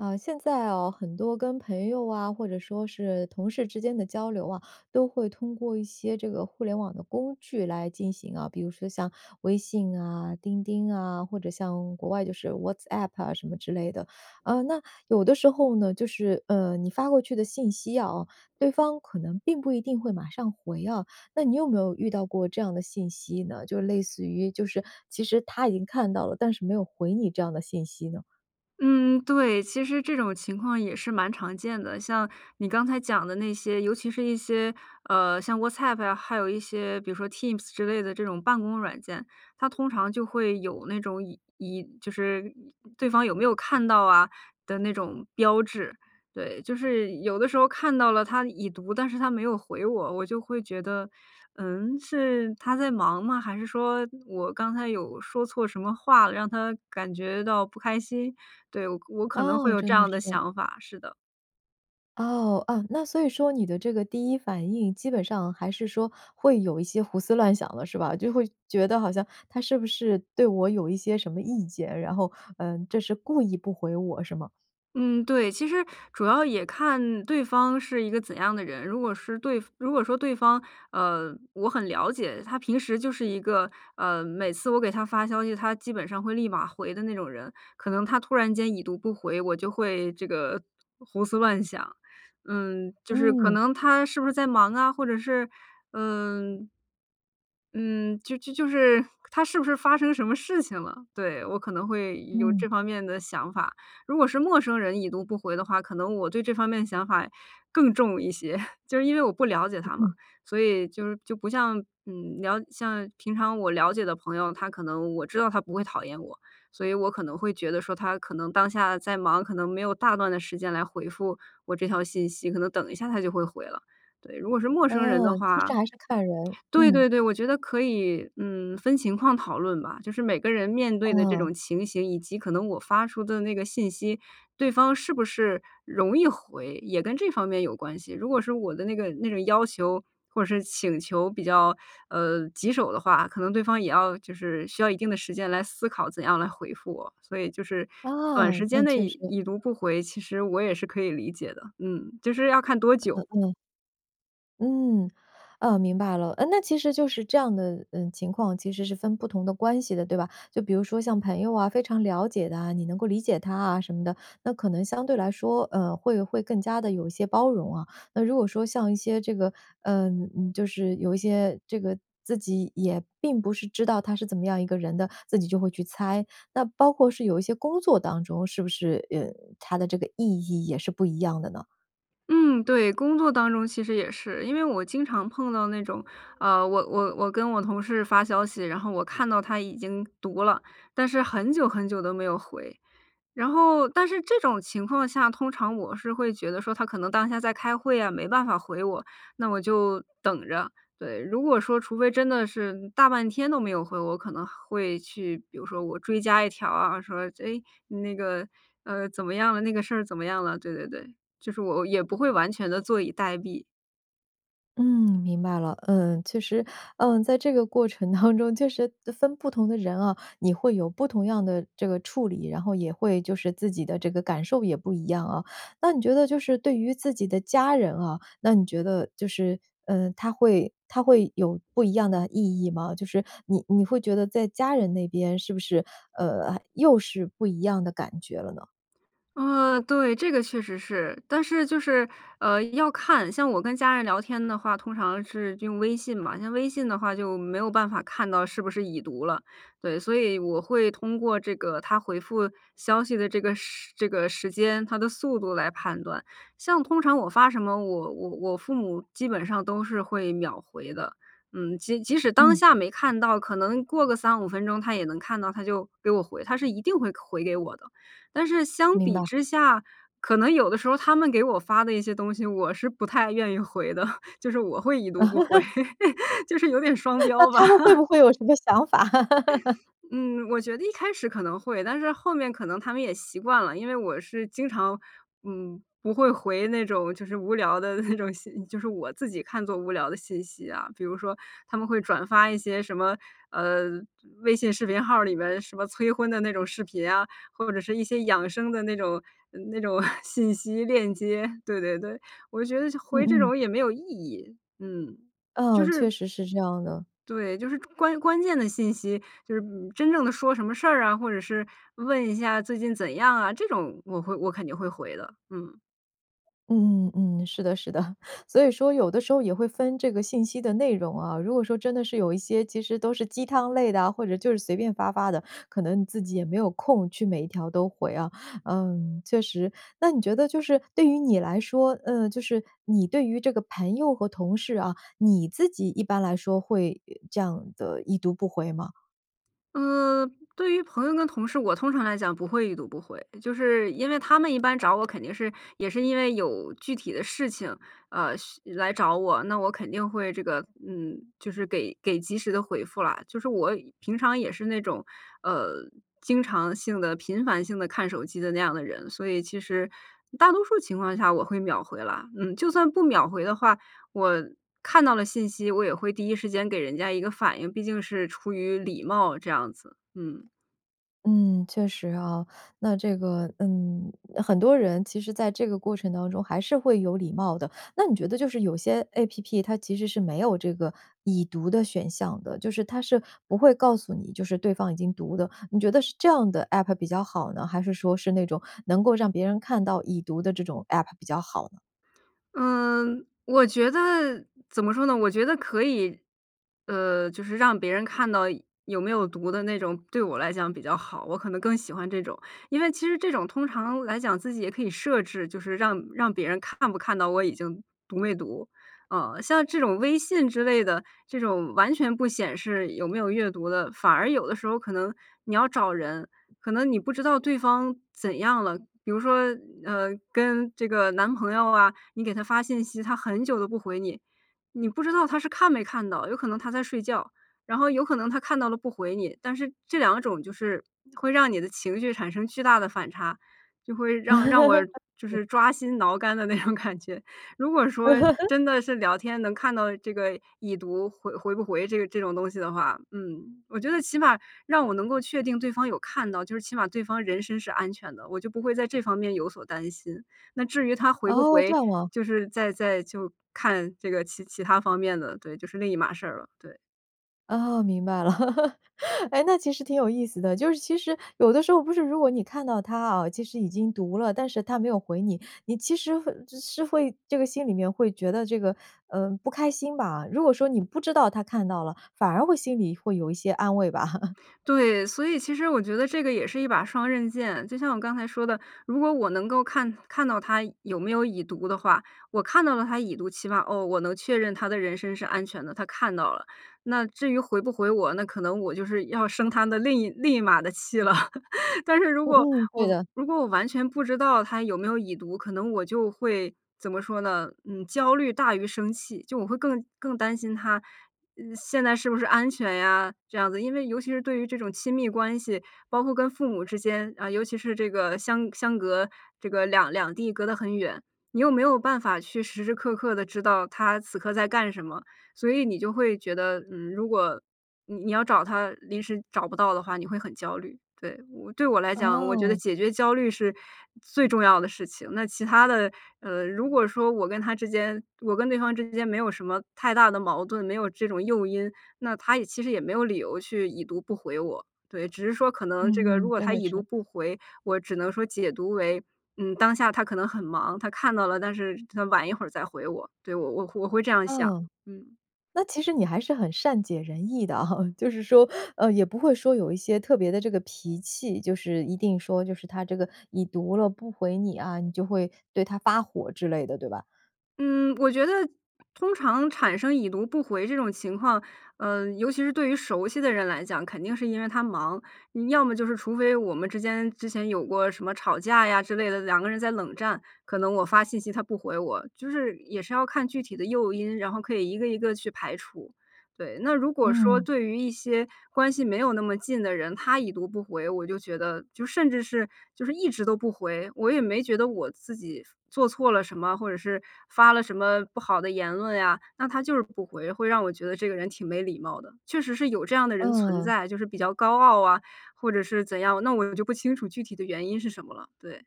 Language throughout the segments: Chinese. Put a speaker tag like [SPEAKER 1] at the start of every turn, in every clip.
[SPEAKER 1] 呃，现在哦，很多跟朋友啊，或者说是同事之间的交流啊，都会通过一些这个互联网的工具来进行啊，比如说像微信啊、钉钉啊，或者像国外就是 WhatsApp 啊什么之类的。呃，那有的时候呢，就是，呃，你发过去的信息啊，对方可能并不一定会马上回啊。那你有没有遇到过这样的信息呢，就类似于就是其实他已经看到了，但是没有回你这样的信息呢？
[SPEAKER 2] 嗯，对，其实这种情况也是蛮常见的。像你刚才讲的那些尤其是一些，呃，像 WhatsApp 啊，还有一些比如说 Teams 之类的这种办公软件，它通常就会有那种已已就是对方有没有看到啊的那种标志。对，就是有的时候看到了他已读，但是他没有回我，我就会觉得：”嗯？是他在忙吗？还是说我刚才有说错什么话了，让他感觉到不开心？“对，我可能会
[SPEAKER 1] 哦，
[SPEAKER 2] 有这
[SPEAKER 1] 真的
[SPEAKER 2] 样的
[SPEAKER 1] 是。
[SPEAKER 2] 想法，是的。
[SPEAKER 1] 哦，啊，那所以说你的这个第一反应，基本上还是说会有一些胡思乱想的是吧？就会觉得好像他是不是对我有一些什么意见，然后，呃，这是故意不回我是吗？
[SPEAKER 2] 嗯，对，其实主要也看对方是一个怎样的人。如果是对如果说对方，呃，我很了解，他平时就是一个，呃，每次我给他发消息，他基本上会立马回的那种人，可能他突然间已读不回，我就会这个胡思乱想。嗯，就是可
[SPEAKER 1] 嗯。
[SPEAKER 2] 能他是不是在忙啊？或者是，嗯嗯，就就是他是不是发生什么事情了，对，我可能会有
[SPEAKER 1] 嗯。
[SPEAKER 2] 这方面的想法。如果是陌生人已读不回的话，可能我对这方面的想法更重一些，就是因为我不了解
[SPEAKER 1] 嗯
[SPEAKER 2] 他嘛，
[SPEAKER 1] 嗯。
[SPEAKER 2] 所以就就不像，嗯，了像平常我了解的朋友，他可能我知道他不会讨厌我，所以我可能会觉得说他可能当下在忙，可能没有大段的时间来回复我这条信息，可能等一下他就会回了。对，如果是陌生人的
[SPEAKER 1] 哦，其
[SPEAKER 2] 话。
[SPEAKER 1] 实还是看人。
[SPEAKER 2] 对
[SPEAKER 1] 嗯。
[SPEAKER 2] 对对，我觉得可以，嗯，分情况讨论吧，就是每个人面对的这
[SPEAKER 1] 哦。
[SPEAKER 2] 种情形，以及可能我发出的那个信息，对方是不是容易回，也跟这方面有关系。如果是我的那个那种要求或者是请求比较，呃，棘手的话，可能对方也要就是需要一定的时间来思考怎样来回复我。所以就是
[SPEAKER 1] 啊，
[SPEAKER 2] 短时间
[SPEAKER 1] 那
[SPEAKER 2] 内
[SPEAKER 1] 确实。
[SPEAKER 2] 已已读不回，其实我也是可以理解的。嗯，就是要看多
[SPEAKER 1] 呃
[SPEAKER 2] 久。
[SPEAKER 1] 呃。嗯。呃，明白了，呃，那其实就是这样的，呃，情况其实是分不同的关系的，对吧？就比如说像朋友啊、非常了解的啊，你能够理解他啊什么的，那可能相对来说，呃，会会更加地有一些包容啊。那如果说像一些这个，嗯，就是有一些这个自己也并不是知道他是怎么样一个人的，自己就会去猜。那包括是有一些工作当中是不是，呃，他的这个意义也是不一样的呢？
[SPEAKER 2] 嗯，对。工作当中其实也是。因为我经常碰到那种，呃，我我我跟我同事发消息，然后我看到他已经读了，但是很久很久都没有回。然后但是这种情况下，通常我是会觉得说他可能当下在开会呀，没办法回我，那我就等着，对。如果说除非真的是大半天都没有回，我可能会去，比如说我追加一条啊，说：“诶，你那个，呃，怎么样了？那个事儿怎么样了？”对对对，就是我也不会完全地坐以待毙。
[SPEAKER 1] 嗯，明白了。呃，其实，嗯，在这个过程当中，就是分不同的人啊，你会有不同样的这个处理，然后也会就是自己的这个感受也不一样啊。那你觉得就是对于自己的家人啊，那你觉得就是，呃，它会它会有不一样的意义吗？就是你你会觉得在家人那边，是不是，呃，又是不一样的感觉了呢？
[SPEAKER 2] 呃，对，这个确实是。但是就是，呃，要看像我跟家人聊天的话，通常是用微信嘛，像微信的话就没有办法看到是不是已读了，对。所以我会通过这个他回复消息的这个时这个时间、他的速度来判断。像通常我发什么，我我我父母基本上都是会秒回的，嗯，即即使当
[SPEAKER 1] 嗯。
[SPEAKER 2] 下没看到，可能过个35分钟他也能看到，他就给我回，他是一定会回给我的。但是相
[SPEAKER 1] 明
[SPEAKER 2] 比
[SPEAKER 1] 白。
[SPEAKER 2] 之下，可能有的时候他们给我发的一些东西，我是不太愿意回的，就是我会已读不回，就是有点双
[SPEAKER 1] 那那
[SPEAKER 2] 标
[SPEAKER 1] 他们会
[SPEAKER 2] 吧。
[SPEAKER 1] 不会有什么想法？
[SPEAKER 2] 嗯，我觉得一开始可能会，但是后面可能他们也习惯了。因为我是经常，嗯，不会回那种就是无聊的那种信就是我自己看作无聊的信息啊。比如说他们会转发一些什么，呃，微信视频号儿里边儿什么催婚的那种视频啊，或者是一些养生的那种那种 信息链接，对对对。我觉得就
[SPEAKER 1] 嗯
[SPEAKER 2] 回这
[SPEAKER 1] 嗯。
[SPEAKER 2] 种也没有意义，嗯，就
[SPEAKER 1] 哦，
[SPEAKER 2] 是
[SPEAKER 1] 确实是这样的。
[SPEAKER 2] 对，就是关关键的信息，就是，嗯，真正的说什么事儿啊，或者是问一下最近怎样啊？这种我会我肯定会回的，嗯。
[SPEAKER 1] 嗯嗯嗯，是的，是的。所以说有的时候也会分这个信息的内容啊，如果说真的是有一些其实都是鸡汤类的啊，或者就是随便发发的，可能你自己也没有空去每一条都回啊。嗯，确实。那你觉得就是对于你来说，呃，就是你对于这个朋友和同事啊，你自己一般来说会，呃，这样地已读不回吗？
[SPEAKER 2] 呃，对于朋友跟同事，我通常来讲不会已读不回。就是因为他们一般找我肯定是也是因为有具体的事情，呃，需来找我，那我肯定会这个，嗯，就是给给及时地回复了。就是我平常也是那种，呃，经常性地频繁性地看手机的那样的人，所以其实大多数情况下我会秒回啦。嗯，就算不秒回的话，我看到了信息，我也会第一时间给人家一个反应，毕竟是出于礼貌这样子。嗯。
[SPEAKER 1] 嗯，确实啊。那这个嗯，很多人其实在这个过程当中还是会有礼貌的。那你觉得就是有些 APP 它其实是没有这个已读的选项的，就是它是不会告诉你，就是对方已经读的，你觉得是这样的 App 比较好呢？还是说是那种能够让别人看到已读的这种 App 比较好呢？
[SPEAKER 2] 嗯，我觉得怎么说呢，我觉得可以呃，就是让别人看到有没有读的那种对我来讲比较好，我可能更喜欢这种。因为其实这种通常来讲自己也可以设置，就是让让别人看不看到我已经读没读。呃，像这种微信之类的，这种完全不显示有没有阅读的，反而有的时候可能你要找人，可能你不知道对方怎样了，比如说，呃，跟这个男朋友啊，你给他发信息，他很久都不回你，你不知道他是看没看到，有可能他在睡觉，然后有可能他看到了不回你，但是这两种就是会让你的情绪产生巨大的反差，就会让让我 就
[SPEAKER 1] [unintelligible]
[SPEAKER 2] 是抓心挠肝的那种感觉。如果说 真的是聊天能看到这个已读回回不回这个这种东西的话，嗯，我觉得起码让我能够确定对方有看到，就是起码对方人身是安全的，我就不会在这方面有所担心。那至于他回不
[SPEAKER 1] 哦，这
[SPEAKER 2] 回，
[SPEAKER 1] 样啊。
[SPEAKER 2] 就是再再就看这个其其它方面的，对，就是另一码事儿了，对。
[SPEAKER 1] 哦，明白了。哎，那其实挺有意思的，就是其实有的时候不是如果你看到他啊，其实已经读了，但是他没有回你，你其实会其实会这个心里面会觉得这个，呃，不开心吧。如果说你不知道他看到了，反而会心里会有一些安慰吧。
[SPEAKER 2] 对，所以其实我觉得这个也是一把双刃剑。就像我刚才说的，如果我能够看看到他有没有已读的话，我看到了他已读，起码哦，我能确认他的人身是安全的，他看到了。那至于回不回我，那可能我就是要生他的另一另一码的气了。但是如果
[SPEAKER 1] 嗯，嗯，对
[SPEAKER 2] 我
[SPEAKER 1] 的。
[SPEAKER 2] 如果我完全不知道他有没有已读，可能我就会怎么说呢？嗯，焦虑大于生气，就我会更更担心他，嗯，现在是不是安全呀这样子。因为尤其是对于这种亲密关系，包括跟父母之间，啊，尤其是这个相相隔这个两两地，隔得很远，你又没有办法去时时刻刻地知道他此刻在干什么，所以你就会觉得，嗯，如果你你要找他临时找不到的话，你会很焦虑。对，对我来讲，我觉得
[SPEAKER 1] 哦。
[SPEAKER 2] 解决焦虑是最重要的事情，那其他的，呃，如果说我跟他之间我跟对方之间没有什么太大的矛盾，没有这种诱因，那他也其实也没有理由去已读不回我。对，只是说可能这个
[SPEAKER 1] 嗯，
[SPEAKER 2] 如
[SPEAKER 1] 嗯，
[SPEAKER 2] 果
[SPEAKER 1] 真
[SPEAKER 2] 他
[SPEAKER 1] 的
[SPEAKER 2] 已读
[SPEAKER 1] 是。
[SPEAKER 2] 不回，我只能说解读为，嗯，当下他可能很忙，他看到了，但是他晚一会儿再回我。对，我我我会这样想。
[SPEAKER 1] 嗯，
[SPEAKER 2] 嗯。
[SPEAKER 1] 那其实你还是很善解人意的啊，就是说，呃，也不会说有一些特别的这个脾气，就是一定说就是他这个已读了不回你啊，你就会对他发火之类的，对吧？
[SPEAKER 2] 嗯，我觉得通常产生已读不回这种情况，呃，尤其是对于熟悉的人来讲，肯定是因为他忙。要么就是除非我们之间之前有过什么吵架呀之类的，两个人在冷战。可能我发信息他不回我，就是也是要看具体的诱因，然后可以1个1个去排除，对。那如果说
[SPEAKER 1] 嗯。
[SPEAKER 2] 对于一些关系没有那么近的人，他已读不回，我就觉得，就甚至是就是一直都不回，我也没觉得我自己做错了什么，或者是发了什么不好的言论呀。那他就是不回，会让我觉得这个人挺没礼貌的。确实是有这样的人存
[SPEAKER 1] 嗯。
[SPEAKER 2] 在，就是比较高傲啊，或者是怎样，那我就不清楚具体的原因是什么了，对。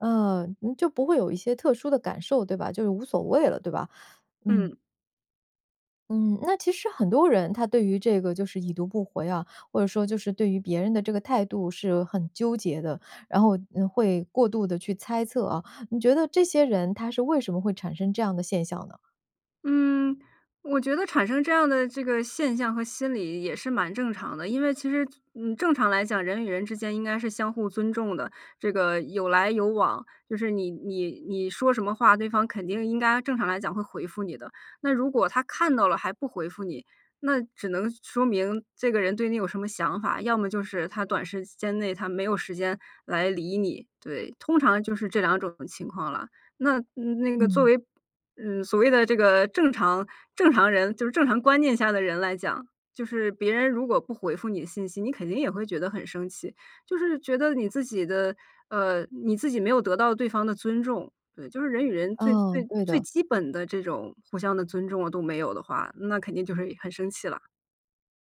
[SPEAKER 1] 呃，就不会有一些特殊的感受对吧，就是无所谓了对吧？嗯。
[SPEAKER 2] 嗯。
[SPEAKER 1] 嗯，那其实很多人他对于这个就是已读不回啊，或者说就是对于别人的这个态度是很纠结的。然后会过度地去猜测啊，你觉得这些人他是为什么会产生这样的现象呢？
[SPEAKER 2] 嗯，我觉得产生这样的这个现象和心理也是蛮正常的，因为其实，嗯，正常来讲，人与人之间应该是相互尊重的，这个有来有往，就是你你你说什么话，对方肯定应该正常来讲会回复你的。那如果他看到了还不回复你，那只能说明这个人对你有什么想法，要么就是他短时间内他没有时间来理你。对，通常就是这两种情况了。那那个作
[SPEAKER 1] 嗯。
[SPEAKER 2] 为，嗯，所谓的这个正常正常人就是正常观念下的人来讲，就是别人如果不回复你信息，你肯定也会觉得很生气。就是觉得你自己的，呃，你自己没有得到对方的尊重。对，就是人与人最
[SPEAKER 1] 嗯，
[SPEAKER 2] 最
[SPEAKER 1] 对
[SPEAKER 2] 最
[SPEAKER 1] 的。
[SPEAKER 2] 基本的这种互相的尊重都没有的话，那肯定就是很生气啦。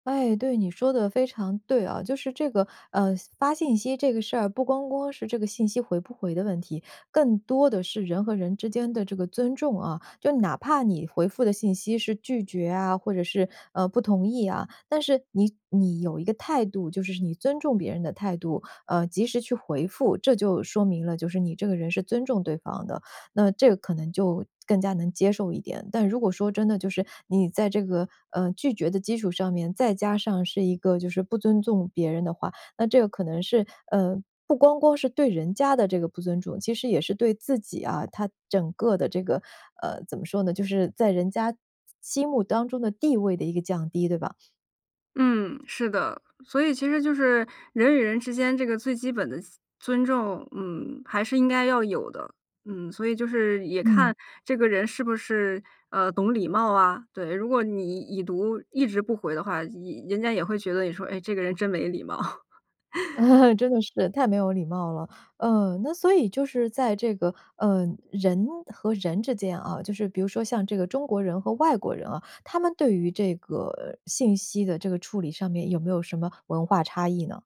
[SPEAKER 1] 哎，对，你说得非常对啊。就是这个，呃，发信息这个事儿不光光是这个信息回不回的问题，更多的是人和人之间的这个尊重啊，就哪怕你回复的信息是拒绝啊，或者是，呃，不同意啊，但是你你有一个态度，就是你尊重别人的态度，呃，及时去回复，这就说明了就是你这个人是尊重对方的，那这个可能就更加能接受一点。但如果说真的就是你在这个，呃，拒绝的基础上面，再加上是一个就是不尊重别人的话，那这个可能是，呃，不光光是对人家的这个不尊重，其实也是对自己啊，他整个的这个呃，怎么说呢？就是在人家心目当中的地位的一个降低，对吧？
[SPEAKER 2] 嗯，是的，所以其实就是人与人之间这个最基本的尊重，嗯，还是应该要有的。嗯。所以就是也
[SPEAKER 1] 嗯。
[SPEAKER 2] 看这个人是不是，呃，懂礼貌啊，对，如果你已读一直不回的话，一人家也会觉得你说：”哎，这个人真没礼貌。“
[SPEAKER 1] 真的是，太没有礼貌了。呃，那所以就是在这个呃，人和人之间啊，就是比如说像这个中国人和外国人啊，他们对于这个信息的这个处理上面有没有什么文化差异呢？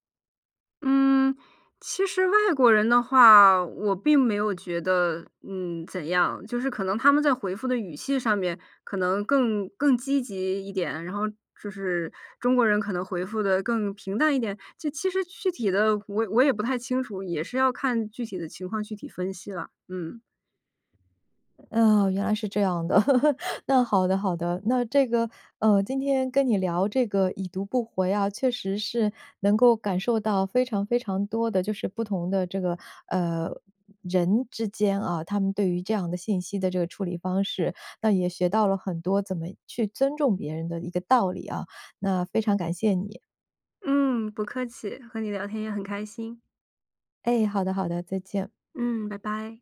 [SPEAKER 2] 嗯，其实外国人的话，我并没有觉得，嗯，怎样。就是可能他们在回复的语气上面可能更更积极一点，然后就是中国人可能回复得更平淡一点？这其实具体的我我也不太清楚，也是要看具体的情况具体分析了。嗯。
[SPEAKER 1] 哦，原来是这样的。那好的好的，那这个，呃，今天跟你聊这个已读不回啊，确实是能够感受到非常非常多的就是不同的这个，呃，人之间啊，他们对于这样的信息的这个处理方式，那也学到了很多怎么去尊重别人的一个道理啊，那非常感谢你。
[SPEAKER 2] 嗯，不客气。和你聊天也很开心。
[SPEAKER 1] 诶，好的好的，再见。
[SPEAKER 2] 嗯，拜拜。